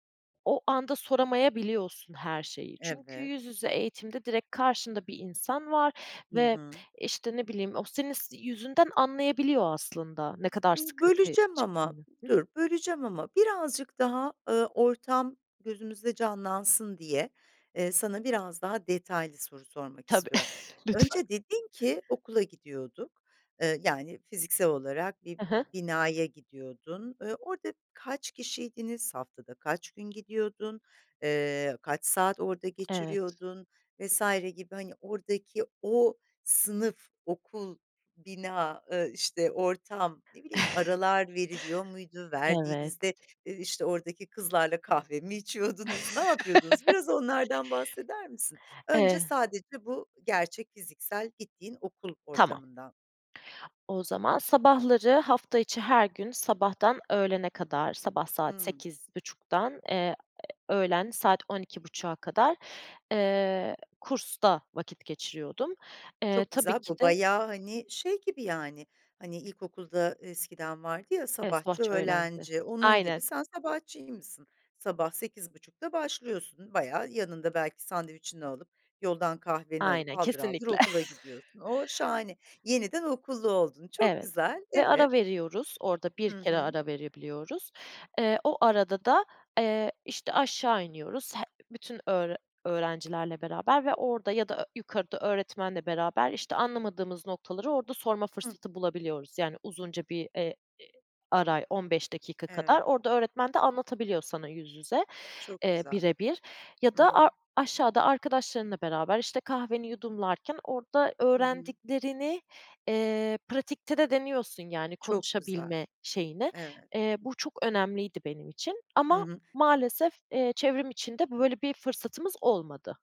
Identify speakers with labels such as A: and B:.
A: O anda soramayabiliyorsun her şeyi. Çünkü
B: Evet.
A: yüz yüze eğitimde direkt karşında bir insan var
B: Hı
A: ve,
B: hı.
A: işte, ne bileyim, o senin s yüzünden anlayabiliyor aslında ne kadar
B: Imm,
A: sıkıntıyı
B: böleceğim ama
A: çektiğini. Hı hı.
B: dur, böleceğim ama birazcık daha, ııı, ortam gözümüzde canlansın diye, eee, sana biraz daha detaylı soru sormak
A: Tabii,
B: istiyorum.
A: lütfen.
B: Önce dedin ki okula gidiyorduk, ııı, yani fiziksel olarak bir
A: Hı hı.
B: bi binaya gidiyordun. Iıı, orada kaç kişiydiniz, haftada kaç gün gidiyordun, ııı, kaç saat orada
A: Evet.
B: geçiriyordun vs. gibi hani oradaki o sınıf, okul, bina, ııı, işte ortam, ne bileyim, aralar veriliyor muydu?
A: Evet.
B: Verdiğinizde, ııı, işte, oradaki kızlarla kahve mi içiyordunuz? Ne yapıyordunuz? Biraz onlardan bahseder misin? Önce
A: Eee
B: sadece bu gerçek fiziksel gittiğin okul
A: Tamam.
B: ortamından.
A: O zaman sabahları hafta içi her gün sabahtan öğlene kadar, sabah saat
B: Hıı.
A: 08.30'dan eee, öğlen saat 12.30'a kadar, eee, kursta vakit geçiriyordum. Eee,
B: Çok
A: tabii
B: güzel,
A: ki
B: bu
A: de
B: bayağı, hani, şey gibi yani hani ilkokulda eskiden vardı, ya,
A: Evet,
B: sabahçı,
A: sabahçı öğlenci.
B: öğlenci, onun
A: Aynen.
B: gibi sen sabahçıymışsın. Sabah 8.30'da başlıyorsun bayağı. Yanında belki sandviçini alıp, yoldan kahveni alıp
A: Aynen,
B: haldır haldır
A: kesinlikle.
B: okula gidiyorsun. O, şahane, yeniden okullu oldun. Çok
A: Evet
B: güzel.
A: ve ara
B: Evet.
A: veriyoruz. Orada 1
B: Hı
A: kere
B: hı.
A: ara verebiliyoruz. Eee, o arada da, eee, işte aşağı iniyoruz. He bütün öğre öğrencilerle beraber ve orada ya da ö yukarıda öğretmenle beraber işte anlamadığımız noktaları orada sorma
B: Hı.
A: fırsatı bulabiliyoruz. Yani uzunca bir, eee, e ara, 15 dakika kadar.
B: Evet.
A: Orada öğretmen de anlatabiliyor sana yüz yüze,
B: Çok
A: eee,
B: güzel.
A: birebir ya
B: Hı
A: da ar
B: hı.
A: aşağıda arkadaşlarınla beraber, işte, kahveni yudumlarken orada
B: Hı hı.
A: öğrendiklerini, eee, pratikte de deniyorsun yani
B: Çok güzel.
A: konuşabilme şeyini.
B: Evet.
A: Eee, bu çok önemliydi benim için
B: Hı
A: ama
B: hı.
A: maalesef, eee, çevrim içinde böyle bir fırsatımız olmadı.